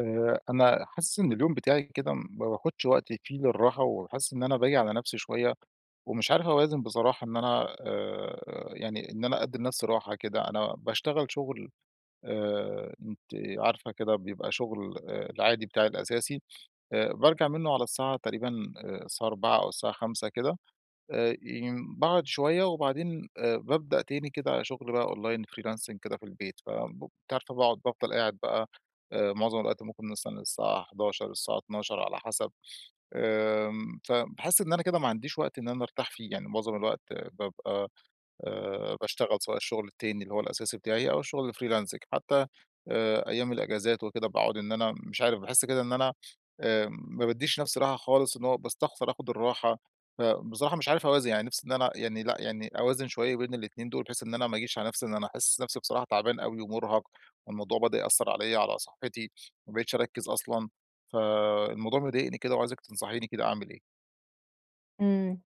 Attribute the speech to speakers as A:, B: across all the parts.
A: آآ أنا حاسس إن اليوم بتاعي كده ما باخدش وقتي فيه للراحة، وحاسس إن أنا باجي على نفسي شوية ومش عارف أوازن بصراحة إن أنا آآ يعني إن أنا أدي لنفسي راحة كده، أنا باشتغل شغل آآ أنتِ عارفة كده بيبقى شغل العادي بتاعي الأساسي، آآ بارجع منه على الساعة تقريبًا الساعة 16:00 أو الساعة 17:00 كده. آآ ي باقعد شوية وبعدين آآ بابدأ تاني كده شغل بقى أونلاين freelancing كده في البيت. ف ب أنتِ عارفة باقعد بافضل قاعد بقى آآ مُعظم الوقت ممكن مثلًا للساعة 23:00، للساعة 00:00 على حسب. آمم، فباحس إن أنا كده ما عنديش وقت إن أنا أرتاح فيه، يعني مُعظم الوقت بابقى آآ باشتغل سواء الشغل التاني اللي هو الأساسي بتاعي أو الشغل الfreelancing حتى آآ أيام الأجازات وكده باقعد إن أنا مش عارف باحس كده إن أنا آمم ما باديش نفسي راحة خالص إن هو باستخسر آخد الراحة، فبصراحة مش عارف أوازن يعني نفسي إن أنا يعني لأ يعني أوازن شوية بين الاتنين دول بحيث إن أنا ما آجيش على نفسي إن أنا أحس نفسي بصراحة تعبان أوي ومرهق، والموضوع بدأ يأثر عليَّ على صحتي، ما بقيتش أركِز أصلًا، فالموضوع مضايقني كده وعايزِك تنصحيني كده أعمل إيه.
B: إمم.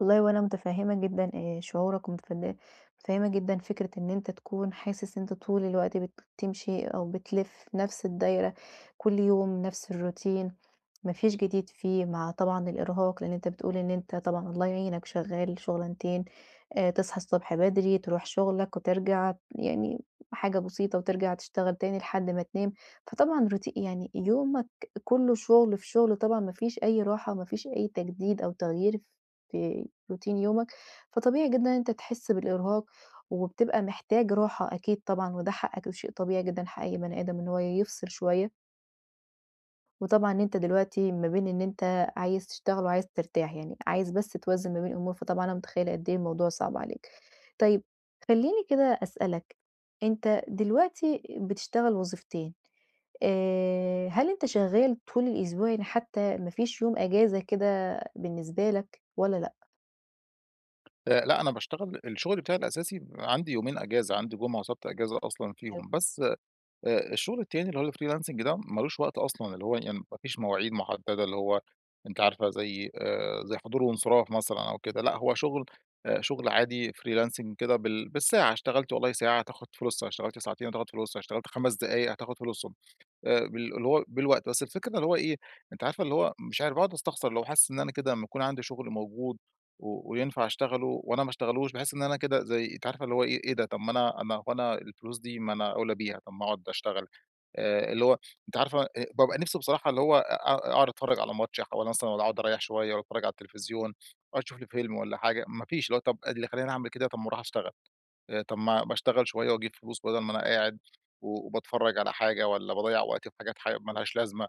B: والله وأنا مُتفهِّمة جدًا آآ شعورك ومتفن مُتفهِّمة جدًا فكرة إن أنت تكون حاسس إن أنت طول الوقت بتمشي، أو بتلف في نفس الدايرة كل يوم نفس الروتين. ما فيش جديد فيه مع طبعًا الإرهاق. لإن أنت بتقول إن أنت طبعًا الله يعينك شغّال شغلانتين. آآ تصحى الصبح بدري، تروح شغلك وترجع. يعني حاجة بسيطة وترجع تشتغل تاني لحد ما تنام. فطبعًا روتي يعني يومك كُلّه شغل في شغل طبعًا ما فيش أي راحة وما فيش أي تجديد أو تغيير في روتين يومك. فطبيعي جدًا إن أنت تحس بالإرهاق وبتبقى محتاج راحة أكيد طبعًا وده حقك وده شيء طبيعي جدًا. حق أي بني آدم إن هو يفصل شوية. وطبعًا أنت دلوقتي ما بين إن أنت عايز تشتغل وعايز ترتاح. يعني عايز بس توازن ما بين الأمور. فطبعًا أنا مُتخيّلة قد إيه الموضوع صعب عليك. طيب خلّيني كده أسألك، أنت دلوقتي بتشتغل وظيفتين، آآ هل أنت شغّال طول الأسبوع يعني حتّى ما فيش يوم أجازة كده بالنسبة لك والّا لأ؟
A: أ لأ. أنا باشتغل الشغل بتاعي الأساسي بيبقى عندي يومين أجازة. عندي جمعة وسبت أجازة أصلًا
B: حلو.
A: فيهم. بس أ الشغل التاني اللي هو الfreelancing ده مالوش وقت أصلًا. اللي هو يعني ما فيش مواعيد محددة. اللي هو أنتِ عارفة زي آآ زي حضور وإنصراف مثلًا أو كده. لأ هو شغل أ شغل عادي freelancing كده بال بالساعة. اشتغلت والله ساعة هتاخد فلوسها، اشتغلت ساعتين هتاخد فلوسها، اشتغلت 5 دقايق هتاخد فلوسهم. آآ بال اللي هو بالوقت. بس الفكرة إن اللي هو إيه، أنتِ عارفة اللي هو مش عارف باقعد أستخسر. اللي هو حاسس إن أنا كده لمّا يكون عندي شغل موجود و وينفع أشتغله وأنا ما أشتغلوش، باحس إن أنا كده زي أنتِ عارفة اللي هو إيه، إيه ده؟! طب ما أنا أنا وأنا الفلوس دي ما أنا أوْلى بيها، طب ما أقعد أشتغل. آآ اللي هو، أنتِ عارفة بابقى نفسي بصراحة اللي هو أ أ أقعد أتفرّج على ماتش، أحاول مثلًا واّلا أقعد أريّح شوية وأتفرّج على التليفزيون أشوف لي فيلم والّا حاجة. ما فيش اللي هو طب اللي خلّاني أعمل كده طب ما أروح أشتغل آآ طب ما ما اشتغل شوية وأجيب فلوس بَدَل ما أنا قاعد، وباتفرّج على حاجة والّا باضيّع وقتي في حاجات حا مالهاش لازمة.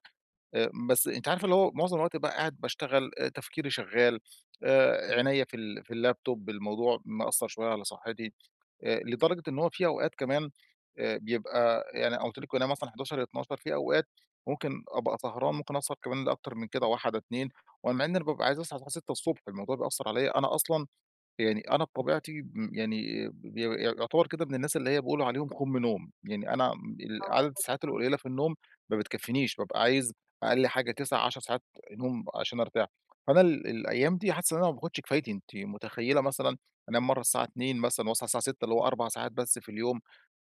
A: آآ بس أنتِ عارفة اللي هو معظم الوقت بقى قاعد باشتغل، أ تفكيري شغّال، آآ عينيا في ال في اللاب توب، الموضوع مأثّر شويّة على صحّتي. آآ لدرجة إن هو في أوقات كمان آآ بيبقى يعني قُلت لِك أنا مثلًا 23:00، 00:00 في أوقات ممكن أبقى سهران، ممكن أسهر كمان لأكتر من كده 01:00، 02:00 ومع إن أنا بابقى عايز أصحى الساعة 6:00 ص الموضوع بيأثّر عليّا. أنا أصلًا يعني أنا بطبيعتي م يعني ب ي يعتبر كده من الناس اللي هي بيقولوا عليهم خُم نوم. يعني أنا م عدد
B: آه
A: الساعات
B: [unintelligible]
A: القليلة في النوم ما بتكفينيش، بابقى عايز أقل حاجة 9، 10 ساعات نوم عشان أرتاح. فأنا ال الأيام دي حاسس إن أنا ما باخدش كفايتي. أنتِ مُتخيّلة مثلًا أنام مرّة الساعة 02:00 مثلًا وأصحى الساعة 06:00 اللي هو 4 ساعات بس في اليوم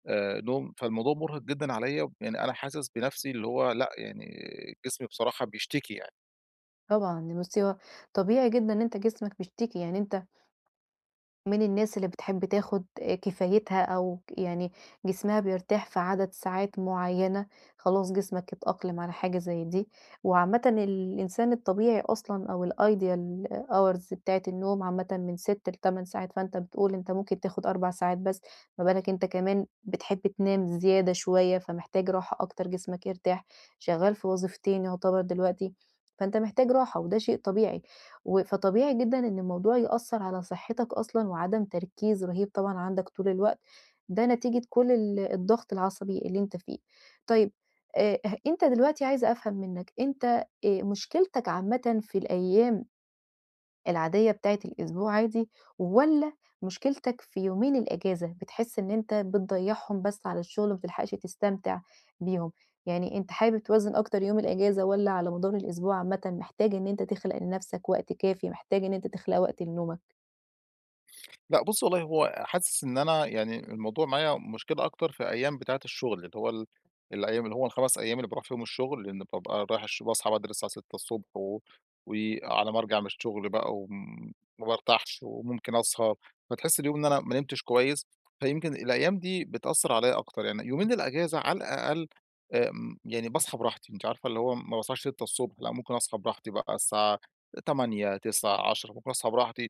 A: آآ نوم. فالموضوع مُرهق جدًا عليّا. يعني أنا حاسس بنفسي اللي هو لأ يعني جسمي بصراحة بيشتكي يعني.
B: طبعًا دي مصيبة. طبيعي جدًا إن أنت جسمك بيشتكي. يعني أنت ...من الناس اللي بتحب تاخد كفايتها أو ك يعني جسمها بيرتاح في عدد ساعات معيّنة. خلاص جسمك اتأقلم على حاجة زي دي. وعامةً الإنسان الطبيعي أصلًا أو الideal hours بتاعة النوم عامةً من 6 ل8 ساعات. فأنت بتقول أنت ممكن تاخُد 4 ساعات بس. ما بالك أنت كمان بتحب تنام زيادة شويّة، فمحتاج راحة أكتر جسمك يرتاح. شغّال في وظيفتين يعتبر دلوقتي. فأنت محتاج راحة وده شيء طبيعي. و فطبيعي جدًا إن الموضوع يأثّر على صحّتك أصلًا، وعدم تركيز رهيب طبعًا عندك طول الوقت. ده نتيجة كل ال الضغط العصبي اللي أنت فيه. طيّب أ أه أنت دلوقتي عايزة أفهم منّك، أنت آآ مشكلتك عامةً في الأيّام العادية بتاعة الأسبوع عادي والّا مشكلتك في يومين الأجازة؟ بتحس إن أنت بتضيّعهم بس على الشغل ما بتلحقش تستمتع بيهم؟ يعني أنت حابب توازن أكتر يوم الأجازة والّا على مدار الأسبوع عامةً محتاج إن أنت تخلق لنفسك وقت كافي، محتاج إن أنت تخلق وقت لنومك؟
A: لأ بُصّي والله هو حاسس إن أنا يعني الموضوع معايا مشكلة أكتر في أيام بتاعة الشغل. اللي هو ال الأيام، اللي هو ال5 أيام اللي باروح فيهم الشغل. إن بابقى رايح الش باصحى بدري الساعة 6:00 ص و وعلى ما أرجع من الشغل بقى وم ما بارتاحش وممكن أسهر. فتحس اليوم إن أنا ما نمتش كويس. فيمكن الأيّام دي بتأثّر عليّا أكتر. يعني يومين الأجازة على الأقل أ م يعني باصحى براحتي. أنتِ عارفة اللي هو ما باصحاش 6:00 ص لأ ممكن أصحى براحتي بقى الساعة 08:00، 09:00، 10:00 ممكن أصحى براحتي.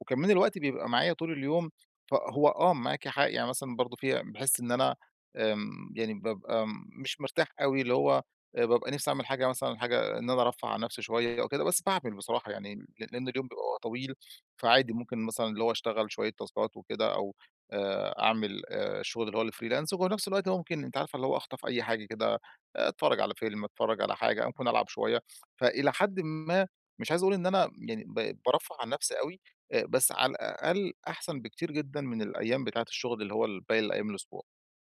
A: وكمان الوقت بيبقى معايا طول اليوم، فهو آه معاكِ حق. يعني مثلًا برضه في أي باحس إن أنا آمم يعني بابقى م مش مرتاح أوي اللي هو آآ بابقى نفسي أعمل حاجة مثلًا حاجة إن أنا أرفَّه عن نفسي شويّة أو كده. بس باعمل بصراحة يعني ل لإن اليوم بيبقى طويل. فعادي ممكن مثلًا اللي هو أشتغل شوية تاسكات وكده أو آآ أعمل أ الشغل اللي هو freelance وبنفس الوقت هو ممكن أنتِ عارفة اللي هو أخطف أي حاجة كده، أتفرّج على فيلم، أتفرّج على حاجة، ممكن ألعب شويّة. فإلى حدٍ ما مش عايز أقول إن أنا يعني ب بارفَّه عن نفسي أوي. أ بس على الأقل أحسن بكتير جدًا من الأيام بتاعة الشغل اللي هو ال باقي الأيام الأسبوع.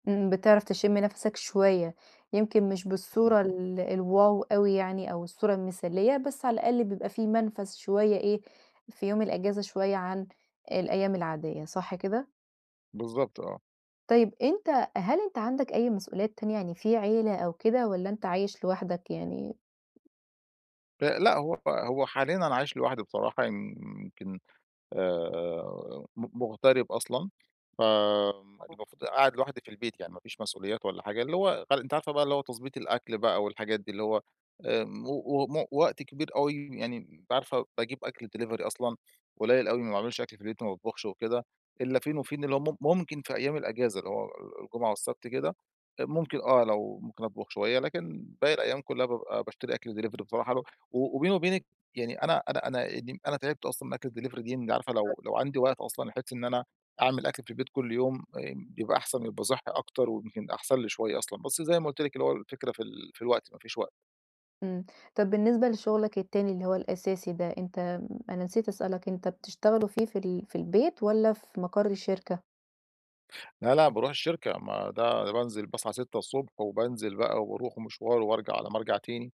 B: امم، بتعرف تشم نفَسَك شوية، يمكن مش
A: اهم.
B: بالصورة ال الواو أوي يعني أو الصورة المثالية، بس على الأقل بيبقى في منفذ شوية إيه، في يوم الأجازة شوية عن الأيام العادية. صح كده؟
A: بالضبط آه.
B: طيب، أنت هل أنت عندك أي مسؤوليات تانية، يعني في عيلة أو كده والّا أنت عايش لوحدك يعني؟
A: ل لأ هو هو حاليًا أنا عايش لوحدي بصراحة، ي ي يمكن، آآ، م مغترب أصلًا ف آمم،
B: آه.
A: المفروض قاعد لوحدي في البيت يعني مافيش مسؤوليات والّا حاجة، اللي هو ف أنتِ عارفة بقى اللي هو تضبيط الأكل بقى والحاجات دي، اللي هو آمم، و و وم وقت كبير أوي يعني أنتِ عارفة باجيب أكل Delivery أصلًا قليل أوي ما باعملش أكل في البيت ما باطبخش وكده، إلا فين وفين اللي هو مم ممكن في أيام الأجازة اللي هو آآ، الجمعة والسبت كده، ممكن آه لو ممكن أطبخ شوية، لكن باقي الأيام كلها بابقى باشتري أكل Delivery بصراحة له و وبيني وبينكِ يعني أنا أنا، أنا إيه، يعني أنا تعبت أصلًا من أكل الDelivery دي، عارفة
B: [unintelligible]
A: لو لو عندي وقت أصلًا بحيث إن أنا أعمل أكل في بيت كل يوم، آمم، بيبقى أحسن، يبقى صحي أكتر، ويمكن أحسن لي شوية أصلًا. بس زي ما قُلت لِك اللي هو الفكرة في ال في الوقت، ما فيش وقت.
B: امم. طب بالنسبة لشغلك التاني اللي هو الأساسي ده، أنت أنا نسيت أسألك، أنت بتشتغله فيه في ال في البيت والّا في مقر الشركة؟
A: لا لأ، باروح الشركة ما ده بانزل باصحى 6:00 ص وبانزل بقى وباروح مشوار، وبارجع على ما ارجع تاني.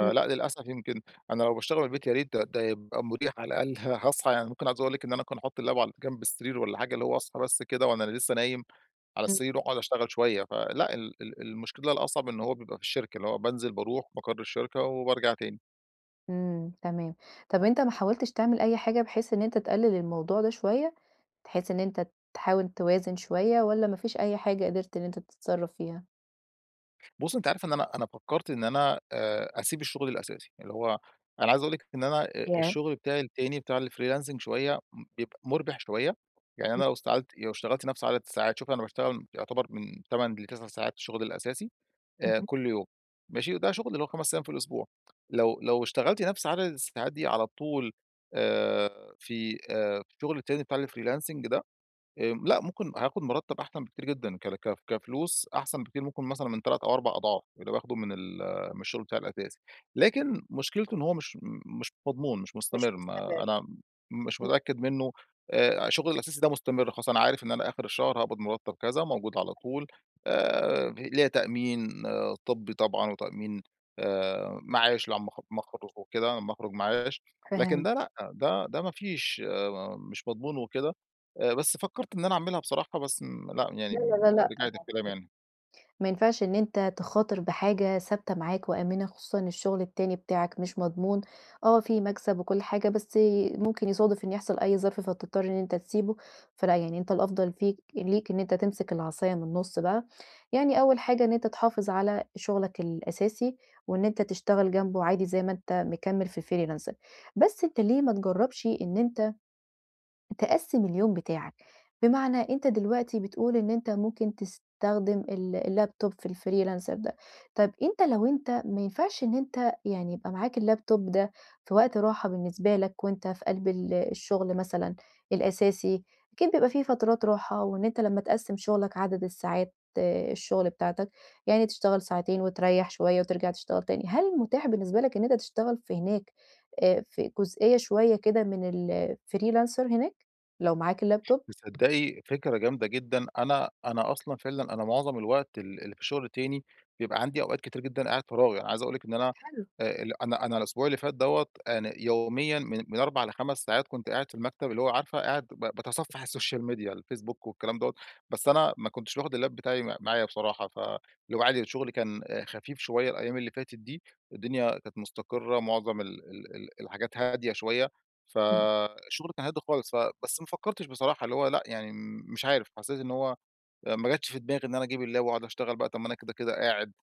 B: امم.
A: للأسف، يمكن أنا لو باشتغل بالبيت يا ريت ده ده يبقى مريح على الأقل، هأصحى يعني ممكن عاوز أقول لك إن أنا ممكن أحط اللاب على جنب السرير والّا حاجة اللي هو أصحى بس كده وأنا لسّه نايم على
B: امم.
A: السرير وأقعد أشتغل شويّة. فلأ، ال ال المشكلة الأصعب إنّه هو بيبقى في الشركة، اللي هو بانزل، باروح مقر الشركة، وبارجع تاني.
B: امم. تمام. طب أنت ما حاولتش تعمل أي حاجة، بحيث إن أنت تقلل الموضوع ده شويّة؟ بحيث إن أنت تحاول توازن شويّة، والّا ما فيش أي حاجة قدرت إن أنت تتصرّف فيها؟
A: بُصي أنت عارفة إن أنا أنا فكرت إن أنا آآ أسيب الشغل الأساسي. اللي هو أنا عايز أقول لِك إن أنا آآ
B: ياه!
A: الشغل بتاعي التاني بتاع الFreelancing شويّة بيبقى مربح شويّة. يعني
B: امم.
A: أنا لو اشتغلت لو اشتغلت نفْس عدد ساعات، شوفي أنا باشتغل يعتبر من 8 ل9 ساعات الشغل الأساسي آآ
B: اهم.
A: كل يوم. ماشي؟ وده شغل اللي هو 5 أيّام في الأسبوع لو لو اشتغلتِ نفْس عدد الساعات دي على طول آآ في آآ الشغل التاني بتاع الFreelancing ده آآ لأ ممكن هاخد مرتب أحسن بكتير جدًا ك ك كفلوس أحسن بكتير، ممكن مثلًا من 3 أو 4 أضعاف، اللي باخده من ال من الشغل بتاعي الأساسي، لكن مشكلته إن هو مش مش مضمون، مش
B: مش
A: مستمر،
B: مستمر،
A: ما أنا م مش
B: امم.
A: متأكّد منّه آآ شغلي الأساسي ده مستمر، خاصةً أنا عارف إن أنا آخر الشهر هاقبض مرتب كذا، موجود على طول آآ ليها تأمين آآ طبّي طبعًا، وتأمين آآ معاش اللي لمّا أخ لمّا اخرج وكده، لمّا اخرج معاش لكن
B: فهمت.
A: ده لأ، ده ده ما فيش آآ مش مضمون وكده. آآ بس فكرت إن أنا أعملها بصراحة بس إن لأ يعني
B: لا، لا،
A: امم
B: لا، لأ
A: رجعت قي كلامي
B: طبعًا،
A: يعني.
B: ما ينفعش إن أنت تخاطر بحاجة ثابتة معاك وآمنة، خصوصًا الشغل التاني بتاعك مش مضمون، آه في مكسب وكل حاجة، بس آآ ممكن يصادف إنّه يحصل أي ظرف فتضطر إن أنت تسيبه، فلأ يعني، أنت الأفضل فيك ليك إن أنت تمسك العصاية من النُص بقى، يعني أوّل حاجة إن أنت تحافظ على شغلك الأساسي، وإن أنت تشتغل جنبه عادي زي ما أنت مكمل في الFreelancing بس أنت ليه ما تجربش إن أنت تقسِّم اليوم بتاعك، بمعنى أنت دلوقتي بتقول إن أنت ممكن تستخدم ال الLaptop في Freelancer ده. طب أنت لو أنت ما ينفعش إن أنت يعني يبقى معاك الLaptop ده في وقت راحة بالنسبة لك، وأنت في قلب ال الشغل مثلًا الأساسي، أكيد بيبقى في فترات راحة وإن أنت لمّا تقسِّم شغلك عدد الساعات آآ الشغل بتاعتك، يعني تشتغل ساعتين وتريح شويّة وترجع تشتغل تاني. هل متاح بالنسبة لك إن أنت تشتغل في هناك آآ في جزئية شويّة كده من الFreelancer هناك لو معاك الLaptop؟
A: تصدقي فكرة جامدة جدًا. أنا أنا أصلًا فعلًا أنا معظم الوقت ال اللي في الشغل التاني، بيبقى عندي أوقات كتيرة جدًا قاعد فراغ، أنا عايز أقول لِك إن
B: طب
A: أنا
B: حلو.
A: آآ أنا أنا الأسبوع اللي فات دَوَّة، أنا يوميًا من من 4 ل5 ساعات كنت قاعد في المكتب، اللي هو عارفه؟ قاعد ب باتصفح الSocial Media الفيسبوك والكلام دوّة. بس أنا ما كنتش ياخد اللاب بتاعي م معايا بصراحة، فاللي هو عادي الشغل كان خفيف شويّة الأيّام اللي فاتت دي، الدنيا كانت مستقرة معظم ال ال ال الحاجات هادية شويّة،
B: امم.
A: فالشغل كان هادي خالص. ف بس ما فكرتش بصراحة اللي هو لأ يعني مش عارف، حسّيت إن هو ما جاتش في دماغي إن أنا أجيب اللاب واقعد أشتغل بقى، طب ما أنا كده كده قاعد.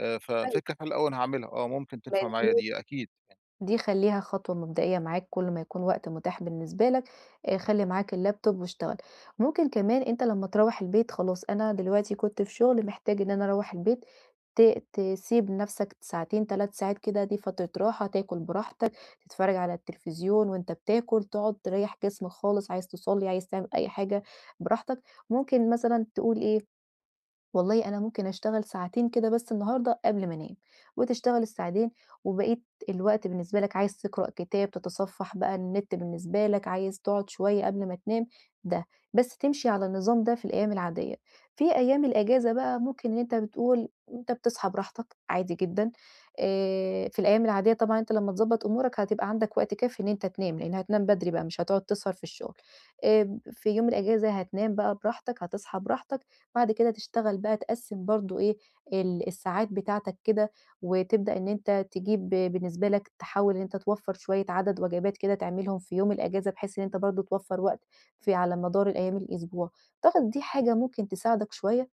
A: آآ
B: حلو.
A: ففكرة حلوة أوي أنا هاعملها، آه ممكن تنفع معايا
B: [unintelligible]
A: دي أكيد
B: دي خلّيها خطوة مبدئية معاك كل ما يكون وقت متاح بالنسبة لك، آآ خلّي معاك الLaptop واشتغل. ممكن كمان أنت لمّا تروّح البيت خلاص أنا دلوقتي كنت في شغل محتاج إن أنا أروّح البيت، ت تسيب نفْسك ساعتين 3 ساعات كده، دي فترة راحة، تاكل براحتك، تتفرّج على التليفزيون وأنت بتاكل، تقعد تريح جسمك خالص، عايز تصلي، عايز تعمل أي حاجة براحتك. ممكن مثلًا تقول إيه والله أنا ممكن أشتغل ساعتين كده بس النهارده قبل ما انام. وتشتغل الساعتين وبقية الوقت بالنسبة لك عايز تقرأ كتاب، تتصفح بقى النت بالنسبة لك، عايز تقعد شويّة قبل ما تنام ده. بس تمشي على النظام ده في الأيّام العاديّة، في أيّام الأجازة بقى ممكن إن أنت بتقول، أنت بتصحى براحتك عادي جدًا آآ في الأيّام العاديّة طبعًا أنت لمّا تضبط أمورك، هتبقى عندك وقت كافي إن أنت تنام، لأن هتنام بدري بقى، مش هتقعد تسهر في الشغل. آآ في يوم الأجازة هتنام بقى براحتك، هتصحى براحتك، بعد كده تشتغل بقى تقسم برضو إيه، ال الساعات بتاعتك كده، وتبدأ إن أنت تجيب بالنسبة لك تحاول إن أنت توفر شويّة عدد وجبات كده تعملهم في يوم الأجازة، بحيث إن أنت برضو توفر وقت في على مدار الأيّام الأسبوع. تعتقد دي حاجة ممكن تساعدك شوية؟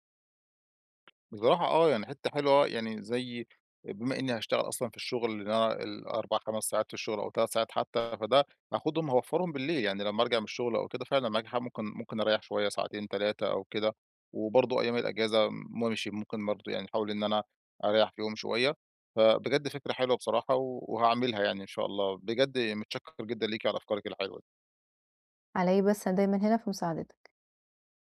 A: بصراحة آه يعني حتّة حلوة يعني زي بما إنّي هاشتغل أصلًا في الشغل اللي أنا ال4، 5 ساعات في الشغل أو تلات ساعات حتّى فده هاخدهم هأوفرهم بالليل يعني. لمّا أرجع من الشغل أو كده فعلًا معاكِ حق ممكن ممكن أريح شويّة ساعتين 3 أو كده، وبرضو أيّام الأجازة ماشي ممكن برضو يعني أحاول إن أنا أريح فيهم شويّة. فبجد فكرة حلوة بصراحة وهاعملها يعني إن شاء الله. بجد متشكّر جدًا ليكِ على أفكارِك الحلوة دي.
B: علي إيه بس، أنا دايمًا هنا في مساعدتك.